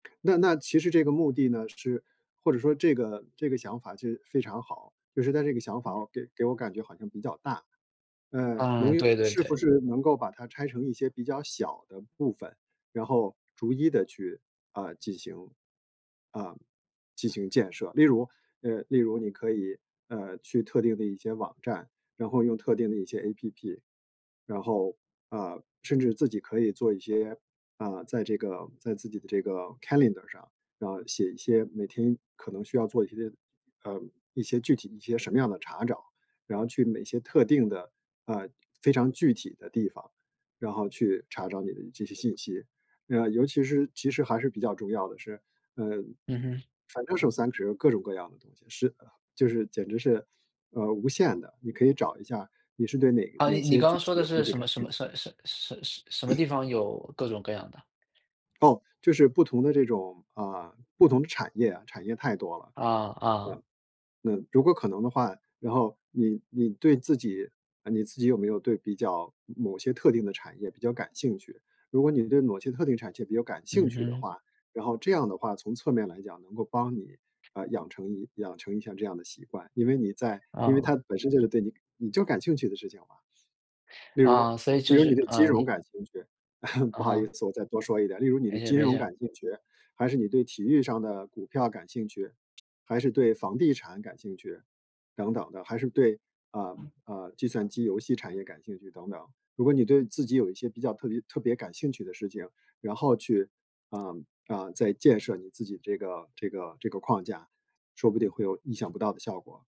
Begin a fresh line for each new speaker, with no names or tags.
那那其实这个目的呢是或者说这个这个想法就非常好，就是它这个想法给给我感觉好像比较大。呃，能
嗯，
用
对对
是
对。
不是能够把它拆成一些比较小的部分，然后逐一的去，啊，进行啊，进行建设。例如，呃，例如你可以，呃，去特定的一些网站，然后用特定的一些 APP，然后啊，甚至自己可以做一些啊，在这个在自己的这个 Calendar 上，然后写一些每天可能需要做一些，呃，一些具体一些什么样的查找，然后去某些特定的，呃，非常具体的地方，然后去查找你的这些信息。啊，尤其是其实还是比较重要的是，嗯，
嗯哼。
反正 [unintelligible] 各种各样的东西，是就是简直是，呃，无限的，你可以找一下，你是对哪
啊，
哪
你
些
刚
具
刚说
体
的
的东
是
西
什
感
么什
兴趣。
么什什什什么地 方有各种各样的？
哦，就是不同的这种，啊，不同的产业啊，产业太多了。
嗯嗯。
呃，嗯，如果可能的话，然后你你对自己，啊，你自己有没有对比较某些特定的产业比较感兴趣。如果你对某些特定产业比较感兴
嗯
趣的
哼。
话，然后这样的话，从侧面来讲，能够帮你，呃，养成养成一下这样的习惯。因为你在因为它
嗯。
本身就是对你你就感兴趣的事情嘛。例如
啊，所以
例
就
如你
是
对金
呃，
融
你
感兴趣，
嗯
不好意
哼。
思我再多说一点，例如你对
没事
金
没
融
事。
感兴趣，还是你对体育上的股票感兴趣，还是对房地产感兴趣等等的，还是对，啊，啊，计算机游戏产业感兴趣等等。如果你对自己有一些比较特别特别感兴趣的事情，然后去，啊，啊，再建设你自己这个这个这个框架，说不定会有意想不到的效果。